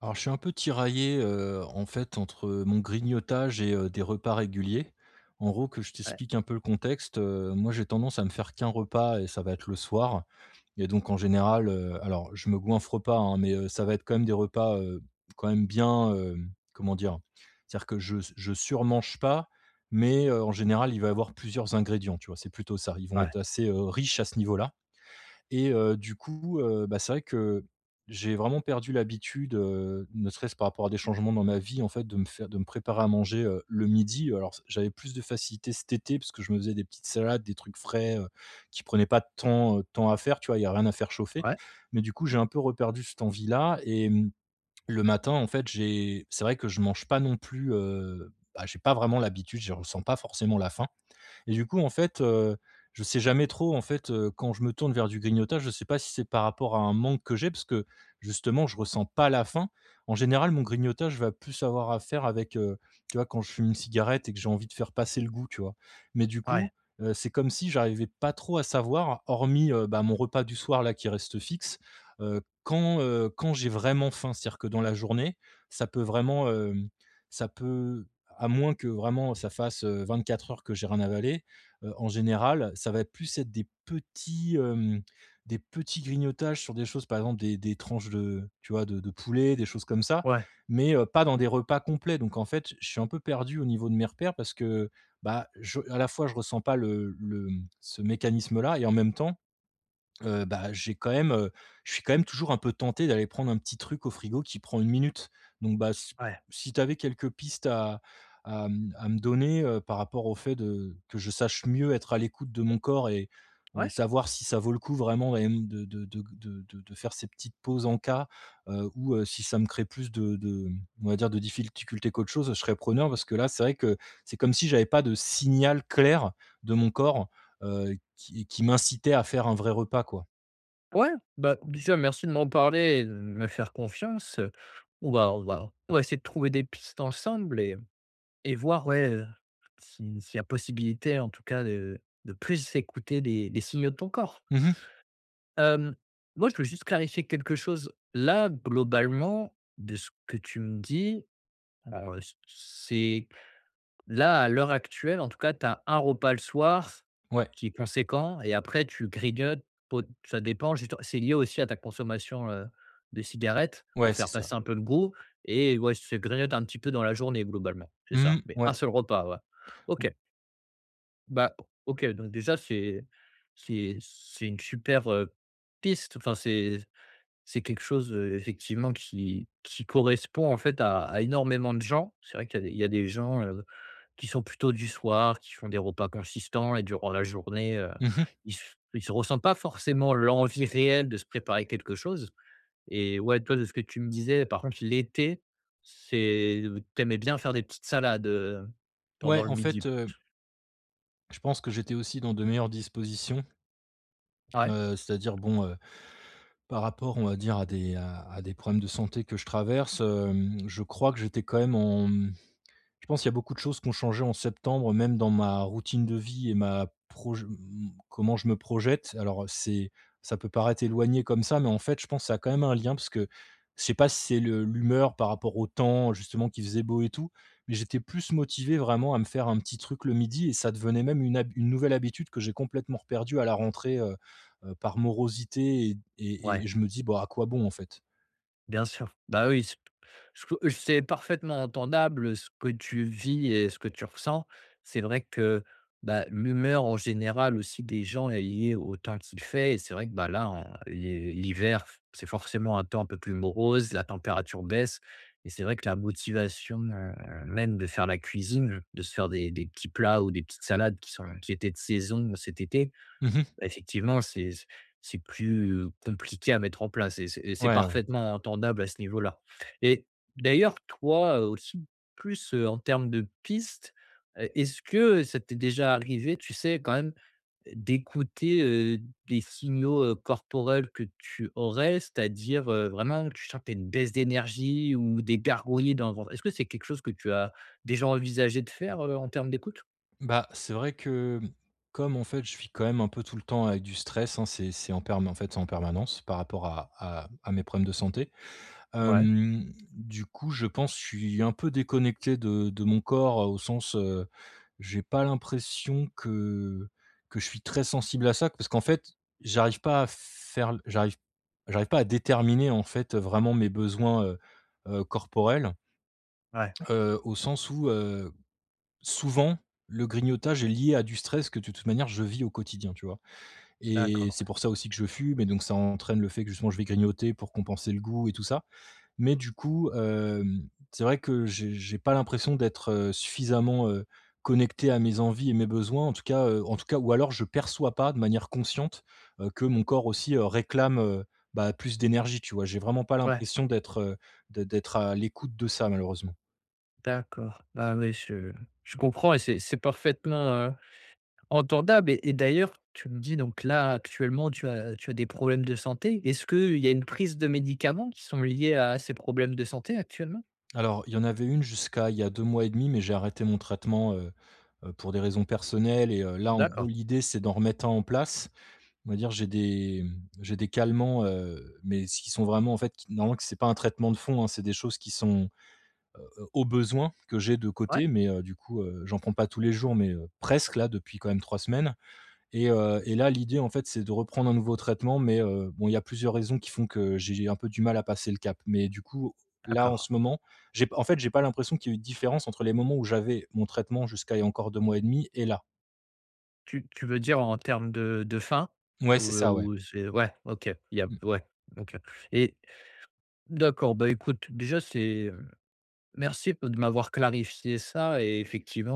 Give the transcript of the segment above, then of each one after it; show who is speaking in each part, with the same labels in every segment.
Speaker 1: Alors je suis un peu tiraillé, heu, en fait entre, heu, mon grignotage et heu, des repas réguliers. En gros que je
Speaker 2: Ouais.
Speaker 1: t'explique un peu le contexte, heu, moi j'ai tendance à me faire que 1 repas, heu, et ça va être le soir et donc en général, heu, alors je me goinffre pas, hein, mais, heu ça va être quand même des repas quand même bien, hem, comment dire? C'est à dire que je s je surmange pas mais, heu, en général il va avoir plusieurs ingrédients, tu vois? C'est plutôt ça, ils vont
Speaker 2: Ouais.
Speaker 1: être, heu, assez riches à ce niveau là et heu, du coup heu, bah, c'est vrai, que, j'ai vraiment perdu l'habitude ,heu, ne serait-ce par rapport à des changements dans ma vie en fait de me fai de me préparer à manger, heu, le midi alors s j'avais plus de facilité cet été parce que je me faisais des salades des trucs frais, heu, qui prenaient pas tant de temps à faire, tu vois? Il y a rien à faire chauffer
Speaker 2: Ouais.
Speaker 1: mais du coup j'ai un peu reperdu cette envie là et, mmh, le matin en fait j'ai c'est vrai que je mange pas non plus, heu, bah, j'ai pas vraiment l'habitude je ressens pas forcément la fin et du coup en fait, heu, je sais jamais trop en fait ,heu, quand je me tourne vers du grignotage, je sais pas si c'est par rapport à un manque que j'ai parce que justement je ressens pas la faim. En général mon grignotage je vais plus avoir à faire avec, heu, tu vois quand je fume une cigarette et que j'ai envie de faire passer le goût, tu vois? Mais du
Speaker 2: Ouais.
Speaker 1: coup, heu, c'est comme si j'arrivais pas trop à savoir hormis, heu, bah, mon repas du soir là qui reste fixe, heu, quand, heu, quand j'ai vraiment faim? C'est a dire dans la journée ça peut vraiment, hem, ça peut à moins que vraiment ça fasse, heu, 24 heures que j'ai rien avalé, heu, en général ça va être plus être des petits hem, des petits grignotages sur des choses par exemple des des tranches de tu vois de de poulet des choses comme ça
Speaker 2: Ouais.
Speaker 1: mais, heu, pas dans des repas complets donc en fait, je suis un peu perdu au niveau de mes repères parce que, bah, je à la fois je ressens pas le le mmh, ce mécanisme là et en même temps, heu, bah, j'ai quand même heu, je suis quand même toujours un peu tenté d'aller prendre un petit truc au frigo qui prend 1 minute donc bah, c
Speaker 2: Ouais.
Speaker 1: si t'avais quelques pistes à à, mmh à, me donner par rapport au fait de que je sache mieux être à l'écoute de mon corps et et
Speaker 2: Ouais.
Speaker 1: savoir si ça vaut le coup vraiment et hem, de de de g de de faire ces petites pauses encas, heu, ou si ça me crée plus de de mmh, on va dire de difficultés qu'autre chose je serais preneur, parce que là c'est vrai que, c'est comme si j'avais pas de signal clair de mon corps, heu, qui qui m'incitait à faire un vrai repas quoi.
Speaker 2: Ouais, bah, déjà, merci de m'en parler et de me faire confiance, heu, on va on va on va essayer de trouver des pistes ensemble et et voir, ouais, heu, si s'il y a possibilité, en tout cas, de de plus écouter les les signaux de ton corps
Speaker 1: Mmh mh.
Speaker 2: hem, moi, je veux juste clarifier quelque chose, là, globalement de ce que tu me dis, alors, heu, c c'est là, à l'heure actuelle, en tout cas, tu as un repas le soir
Speaker 1: Ouais.
Speaker 2: qui est conséquent et après tu grignotes po ça dépend justement, c'est lié aussi à ta consommation, heu, de cigarettes
Speaker 1: Ouais,
Speaker 2: pour
Speaker 1: c'est
Speaker 2: faire
Speaker 1: ça.
Speaker 2: passer un peu le goût et ouais, se grignote un petit peu dans la journée globalement, c'est
Speaker 1: Mmh
Speaker 2: ça?
Speaker 1: mh,
Speaker 2: Mais
Speaker 1: ouais.
Speaker 2: 1 seul repas, ouais,
Speaker 1: Ou
Speaker 2: OK. Bah, OK, donc déjà, c'est c'est c'est une super, heu, piste, enfin, c'est c'est quelque chose, heu, effectivement qui qui correspond, en fait, à à énormément de gens. C'est vrai qu'il y a d il y a des gens, heu, qui sont plutôt du soir, qui font des repas consistants et durant la journée, heu,
Speaker 1: Mmh mh.
Speaker 2: ils s ils se ressentent pas forcément l'envie réelle de se préparer quelque chose et ouais, toi, de ce que tu me disais par contre l'été, c'est, heu, tu aimais bien faire des petites salades, heu, pendant
Speaker 1: Ouais,
Speaker 2: le
Speaker 1: en
Speaker 2: midi.
Speaker 1: fait, heu je pense que j'étais aussi dans de meilleures dispositions
Speaker 2: Ouais.
Speaker 1: heu, c'est-à-dire, bon, heu, par rapport on va dire à des à à des problèmes de santé que je traverse, hem, je crois que j'étais quand même en, mmh, je pense qu'il y a beaucoup de choses qui ont changé en septembre même dans ma routine de vie et ma proj mmh, mmh, comment je me projette. Alors, heu, c'est ça peut paraître éloigné comme ça mais en fait, je pense ça a quand même un lien parce que je sais pas si c'est le l'humeur par rapport au temps justement qui faisait beau et tout mais j'étais plus motivé vraiment à me faire un petit truc le 12:00 et ça devenait même une hab une nouvelle habitude que j'ai complètement reperdue à la rentrée, heu heu, par morosité et et
Speaker 2: Ouais.
Speaker 1: et je me dis: «Bah, à quoi bon en fait?»
Speaker 2: Bien sûr, bah, oui, c ce que c'est parfaitement entendable ce que tu vis et ce que tu ressens, c'est vrai que, bah, l'humeur en général aussi des gens est liée au temps qu'il fait et c'est vrai que, bah, là, en l'hi l'hiver, f c'est forcément un temps un peu plus morose. La température baisse et c'est vrai que la motivation, heu, même de faire la cuisine, de se faire des des petits plats ou des petites salades qui sont qui étaient de saison cet été,
Speaker 1: Mmh mh.
Speaker 2: beh, effectivement c'est c'est c c'est plus, heu, compliqué à mettre en place et c'est et c'est
Speaker 1: Ouais, ouais.
Speaker 2: parfaitement entendable à ce niveau-là et d'ailleurs, toi, heu, aussi plus, heu, en termes de piste, heu, est-ce que ça t'es déjà arrivé, tu sais, quand même d'écouter, heu, des signaux, heu, corporels que tu aurais? C'est-à-dire, heu, vraiment que tu sens que tu as une baisse d'énergie ou des gargouillis dans le ventre, est-ce que c'est quelque chose que tu as déjà envisagé de faire, heu, en termes d'écoute?
Speaker 1: Bah, c'est vrai que, mmh, comme en fait, je vis quand même un peu tout le temps avec du stress, hein, c'est c'est en perm en fait, c'est en permanence par rapport à à à mes problèmes de santé,
Speaker 2: Ouais.
Speaker 1: hem, du coup, je pense je suis un peu déconnecté de de mon corps, heu, au sens, heu, j'ai pas l'impression que que je suis très sensible à ça. Parce qu'en fait, j'arrive pas à faire l j'arrive j'arrive pas à déterminer, en fait, heu, vraiment mes besoins, heu heu, corporels,
Speaker 2: Ouais.
Speaker 1: heu, au sens où, heu, souvent le grignotage est lié à du stress que de toute manière je vis au quotidien, tu vois? Et
Speaker 2: D'accord,
Speaker 1: c'est
Speaker 2: ouais.
Speaker 1: pour ça aussi que je fume et donc ça entraîne le fait que justement je vais grignoter pour compenser le goût et tout ça mais du coup, hem, c'est vrai que j'ai j'ai pas l'impression d'être, heu, suffisamment, heu, connecté à mes envies et mes besoins en tout cas, heu, en tout cas ou alors je perçois pas de manière consciente, heu, que mon corps aussi, heu, réclame, heu, bah plus d'énergie, tu vois? J'ai vraiment pas
Speaker 2: Ouais.
Speaker 1: l'impression d'être, heu, de d'être à l'écoute de ça, malheureusement.
Speaker 2: D'accord, bah, ouais, je je comprends et c'est c'est parfaitement, heu, entendable et et d'ailleurs tu me dis donc là, actuellement, tu as tu as des problèmes de santé, est-ce qu'il y a une prise de médicaments qui sont liés à ces problèmes de santé actuellement?
Speaker 1: Alors, il y en avait une jusqu'à il y a 2 mois et 1/2 mais j'ai arrêté mon traitement, heu heu, pour des raisons personnelles et heu, là, en gros,
Speaker 2: D'accord.
Speaker 1: l'idée c'est d'en remettre un en place. On va dire j'ai des, mmh, j'ai des calmants, heu, mais s'ils sont vraiment en fait, qui normalement que c'est pas un traitement de fond, hein, c'est des choses qui sont, heu heu, au besoin que j'ai de
Speaker 2: Ouais.
Speaker 1: côté mais heu, du coup, heu, j'en prends pas tous les jours mais heu, presque-là depuis quand même 3 semaines et heu et là, l'idée, en fait, c'est de reprendre un nouveau traitement mais heu, bon, il y a plusieurs raisons qui font que j'ai j'ai un peu du mal à passer le cap. Mais du coup, là, en
Speaker 2: D'accord.
Speaker 1: ce moment j'ai p en fait, j'ai pas l'impression qu'il y ait eu de différence entre les moments où j'avais mon traitement jusqu'à il y a encore 2 mois et 1/2 et là.
Speaker 2: Tu tu veux dire en termes de de faim,
Speaker 1: Ouais
Speaker 2: ou,
Speaker 1: c'est
Speaker 2: heu,
Speaker 1: ça ouais.
Speaker 2: ou, heu, c'est ouais, OK. Il y a
Speaker 1: Mmh.
Speaker 2: ouais, OK. Et, d'accord, bah, écoute déjà c'est, heu, merci b de m'avoir clarifié ça et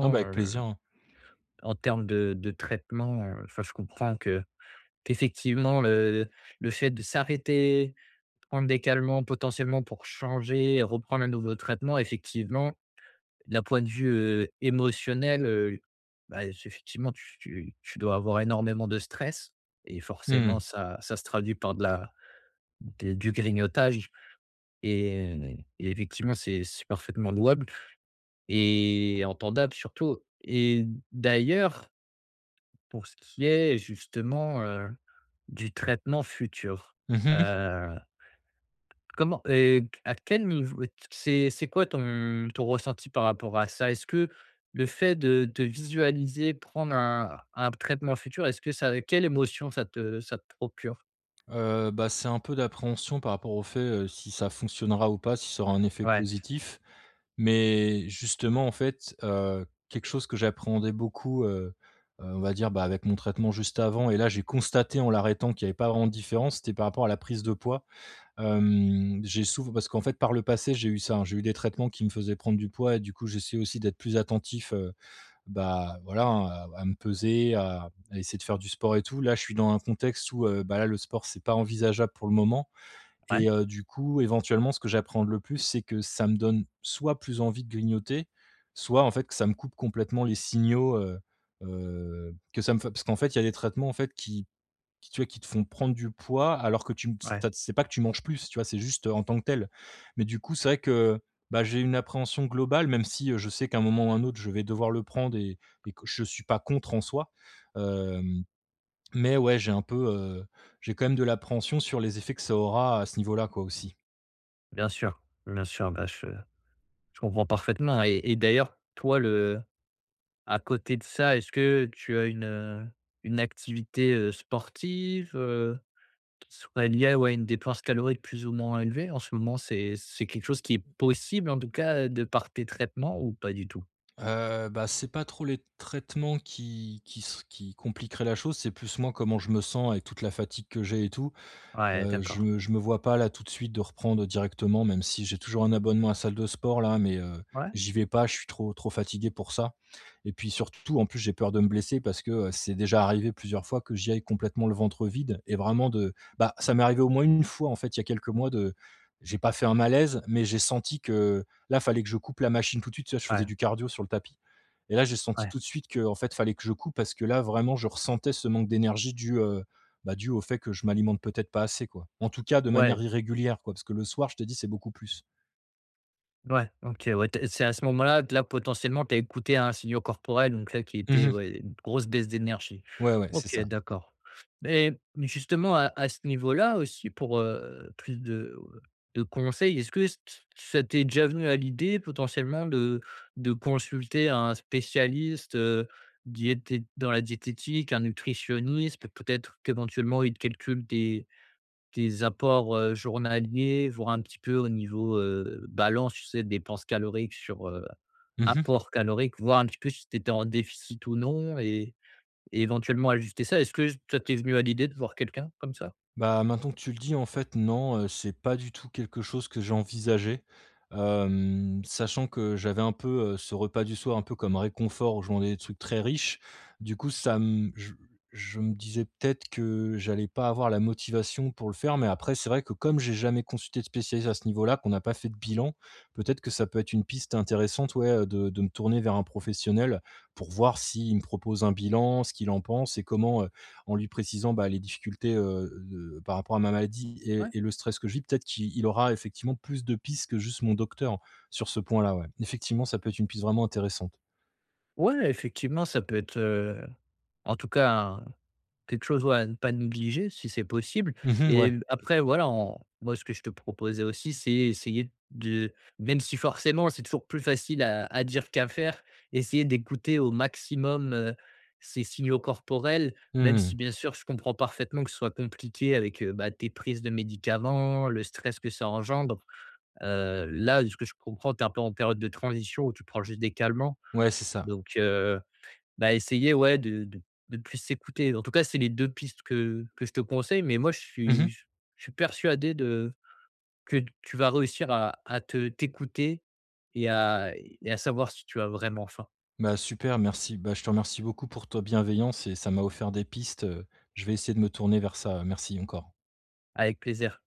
Speaker 1: Ah bah, avec
Speaker 2: heu,
Speaker 1: plaisir hein.
Speaker 2: en termes de de traitement, heu, enfin, je comprends que qu'effectivement le le fait de s'arrêter, prendre des calmants potentiellement pour changer, reprendre un nouveau traitement effectivement, d'un point de vue, heu, émotionnel heu, bah, c'est effectivement tu tu tu dois avoir énormément de stress et
Speaker 1: Mmh
Speaker 2: forcément
Speaker 1: mh.
Speaker 2: ça ça se traduit par de la d du grignotage et et effectivement c'est c'est parfaitement louable et entendable surtout et d'ailleurs pour ce qui est justement, heu, du traitement futur,
Speaker 1: Mmh mh.
Speaker 2: heu, comment et à quel niveau t c'est c'est quoi ton ton ressenti par rapport à ça? Est-ce que le fait de de visualiser prendre un un traitement futur, est-ce que ça quelle émotion ça te ça te procure?
Speaker 1: Heu, bah, c'est un peu d'appréhension par rapport au fait, heu, si ça fonctionnera ou pas si ça aura un effet
Speaker 2: Ouais.
Speaker 1: positif, mais justement, en fait, heu, quelque chose que j'appréhendais beaucoup, heu heu, on va dire, bah, avec mon traitement juste avant et là j'ai constaté en l'arrêtant qu'il y avait pas vraiment de différence, c'était par rapport à la prise de poids, hem, j'ai souvent parce qu'en fait par le passé, j'ai eu ça, hein, j'ai eu des traitements qui me faisait prendre du poids et du coup, j'essaie aussi d'être plus attentif, heu, bah, voilà, hein, à à me peser, à à essayer de faire du sport et tout. Là, je suis dans un contexte où, bah, là, le sport c'est pas envisageable pour le moment
Speaker 2: Ouais.
Speaker 1: et heu, du coup, éventuellement ce que j'appréhende le plus c'est que ça me donne soit plus envie de grignoter soit, en fait, ça me coupe complètement les signaux, heu heu, que ça me fait parce qu'en fait, il y a des traitements, en fait, qui qui, tu vois, qui te font prendre du poids alors que tu m s
Speaker 2: Ouais.
Speaker 1: tu as C'est pas que tu manges plus, tu vois? C'est juste, heu, en tant que tel, mais du coup c'est vrai que, heu, bah, j'ai une appréhension globale même si, heu, je sais qu'à un moment ou un autre je vais devoir le prendre et et que je suis pas contre en soi, hem, mais ouais, j'ai un peu, heu, j'ai quand même de l'appréhension sur les effets que ça aura à ce niveau-là, quoi, aussi.
Speaker 2: Bien sûr, bien sûr, bah, je je comprends parfaitement et et d'ailleurs, toi, le à côté de ça, est-ce que tu as une, heu, une activité, heu, sportive, heu, qui soit liée, ouais, à une dépense calorique plus ou moins élevée? En ce moment, c'est c'est quelque chose qui est possible en tout cas de par tes traitements ou pas du tout?
Speaker 1: Heu, bah, c'est pas trop les traitements qui qui se qui compliqueraient la chose, c'est plus, moi, comment je me sens avec toute la fatigue que j'ai et tout,
Speaker 2: Ouais,
Speaker 1: heu, je
Speaker 2: d'accord.
Speaker 1: me je me vois pas là, tout de suite, de reprendre directement, même si j'ai toujours un abonnement à salle de sport-là mais heu,
Speaker 2: Ouais.
Speaker 1: j'y vais pas, je suis trop trop fatigué pour ça, et puis surtout en plus, j'ai peur de me blesser parce que, heu, c'est déjà arrivé plusieurs fois que j'y aille complètement le ventre vide et vraiment de bah, ça m'est arrivé au moins 1 fois, en fait, il y a quelques mois de j'ai pas fait un malaise, mais j'ai senti que là, fallait que je coupe la machine tout de suite, tu vois? Je faisais
Speaker 2: Ouais.
Speaker 1: du cardio sur le tapis, et là, j'ai senti
Speaker 2: Ouais.
Speaker 1: tout de suite qu'en fait, fallait que je coupe parce que là, vraiment, je ressentais ce manque d'énergie dû, heu, bah, dû au fait que je m'alimente peut-être pas assez, quoi, en tout cas de
Speaker 2: Ouais.
Speaker 1: manière irrégulière, quoi, parce que le soir je te dis, c'est beaucoup plus.
Speaker 2: Ouais, OK, ouais, tu es c'est à ce moment-là que là, potentiellement, tu as écouté un signaux corporel, donc là, qui
Speaker 1: Mmh
Speaker 2: était,
Speaker 1: mh.
Speaker 2: ouais, une grosse baisse d'énergie.
Speaker 1: Ouais, ouais. C'est
Speaker 2: OK,
Speaker 1: ça.
Speaker 2: d'accord. Mais mais justement, à à ce niveau-là aussi, pour, heu, plus de, heu, de conseils, est-ce que ç t ça t'est déjà venu à l'idée, potentiellement, de de consulter un spécialiste, heu, diété dans la diététique? Un nutritionniste? Peut-être qu'éventuellement il te calcule tes tes apports, heu, journaliers, voire un petit peu au niveau, heu, balance, tu sais? Dépenses caloriques sur, heu,
Speaker 1: Mmh mh.
Speaker 2: apports caloriques, voir un petit peu si tu étais en déficit ou non et et éventuellement ajuster ça? Est-ce que ça t'es venu à l'idée de voir quelqu'un comme ça?
Speaker 1: Bah, maintenant que tu le dis, en fait, non, heu, c'est pas du tout quelque chose que j'ai envisagé, hem, sachant que j'avais un peu, heu, ce repas du soir un peu comme réconfort où je mangeais des trucs très riches, du coup, ça m je je me disais peut-être que j'allais pas avoir la motivation pour le faire mais après c'est vrai que comme j'ai jamais consulté de spécialiste à ce niveau-là, qu'on a pas fait de bilan, peut-être que ça peut être une piste intéressante, ouais, heu, de de me tourner vers un professionnel pour voir s'il me propose un bilan, ce qu'il en pense et comment, heu, en lui précisant, bah, les difficultés, heu, de par rapport à ma maladie
Speaker 2: Ouais.
Speaker 1: et et le stress que je vis, peut-être qu'i il aura effectivement plus de pistes que juste mon docteur sur ce point-là, ouais. Effectivement, ça peut être une piste vraiment intéressante.
Speaker 2: Ouais, effectivement, ça peut être, heu en tout cas, un quelque chose, ouais, à pas négliger, si c'est possible
Speaker 1: Mmh mh.
Speaker 2: et
Speaker 1: Ouais.
Speaker 2: l après, voilà, on moi, ce que je te proposais aussi c'est essayer de- même si forcément c'est toujours plus facile à à dire qu'à faire- essayer d'écouter au maximum, heu, ces signaux corporels,
Speaker 1: Mmh
Speaker 2: même
Speaker 1: mh,
Speaker 2: si
Speaker 1: mmh.
Speaker 2: bien sûr je comprends parfaitement que ce soit compliqué avec, heu, bah, tes prises de médicaments, le stress que ça engendre, heu, là, de ce que je comprends, tu es un peu en période de transition ou tu prends juste des calmants
Speaker 1: Ouais, c'est ça.
Speaker 2: donc, heu, bah, essayer, ouais, de de de plus s'écouter, en tout cas, c'est les 2 pistes que que je te conseille mais moi, je
Speaker 1: Mmh
Speaker 2: suis
Speaker 1: mh.
Speaker 2: je suis persuadé de que tu vas réussir à à te t'écouter et à et à savoir si tu as vraiment faim.
Speaker 1: Bah, super, merci. Bah, je te remercie beaucoup pour ta bienveillance et ça m'a offert des pistes, heu, je vais essayer de me tourner vers ça, heu, merci encore.
Speaker 2: Avec plaisir.